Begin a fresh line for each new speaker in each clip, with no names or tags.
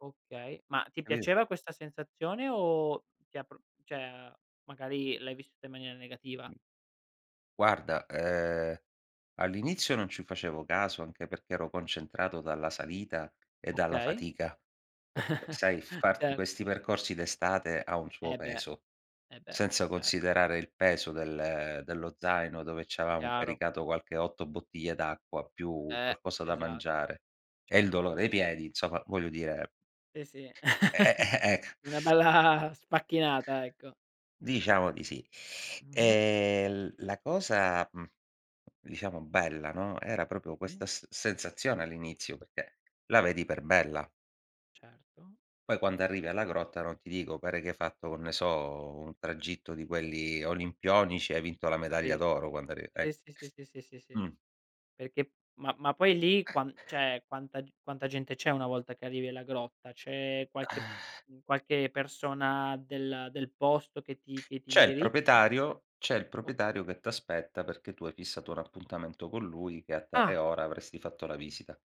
Okay, ma ti
[unintelligible]
piaceva questa sensazione o ti ha pr cioè, magari, l'hai vissuta in maniera negativa?
Guarda, ehm, all'inizio non ci facevo caso, anche perché ero concentrato dalla salita e dalla
Okay.
fatica. Perché, sai, farti
Cer
questi percorsi d'estate ha un suo
E beh,
peso,
e beh,
senza
certo.
considerare il peso del dello zaino, dove c'avevamo
Chiaro.
caricato qualche 8 bottiglie d'acqua più
Eh.
qualcosa da
Esa
mangiare, e il
certo.
dolore ai piedi, insomma, voglio dire
Sì, sì.
e e -e eh, ecco.
Una bella sfacchinata, ecco.
Diciamo di sì.
Mh-mh.
E l la cosa, mhmm, diciamo, bella, no, era proprio
Sì.
questa s sensazione all'inizio, perché la vedi per bella.
Certo.
Poi, quando arrivi alla grotta, non ti dico, pare che hai fatto, [unintelligible] ne so, un tragitto di quelli olimpionici, hai vinto la medaglia
Capisco.
d'oro quando arriv
Sì,
ecco.
sì, sì, sì, sì, sì.
Mh.
Perché, ma ma poi lì, qua cioè, quanta quanta gente c'è una volta che arrivi alla grotta? C'è qualche, mhmm, qualche persona del del posto che ti che ti
C'è il
indirizza?
proprietario c'è il proprietario
Okay.
che t'aspetta perché tu hai fissato un appuntamento con lui e a tale
Ah!
ora avresti fatto la visita.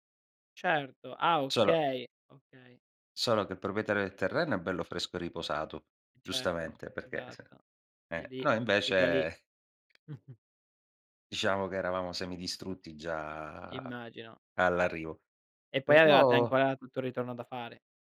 Certo. Ah,
Solo
okay. Okay.
solo che il proprietario del terreno è bello fresco e riposato,
Certo,
giustamente, perché s
esatto. E
eh,
lì
noi,
e già lì.
invece diciamo che eravamo semidistrutti già
Immagino.
all'arrivo.
E poi avevate
Però
ancora tutto il ritorno da fare.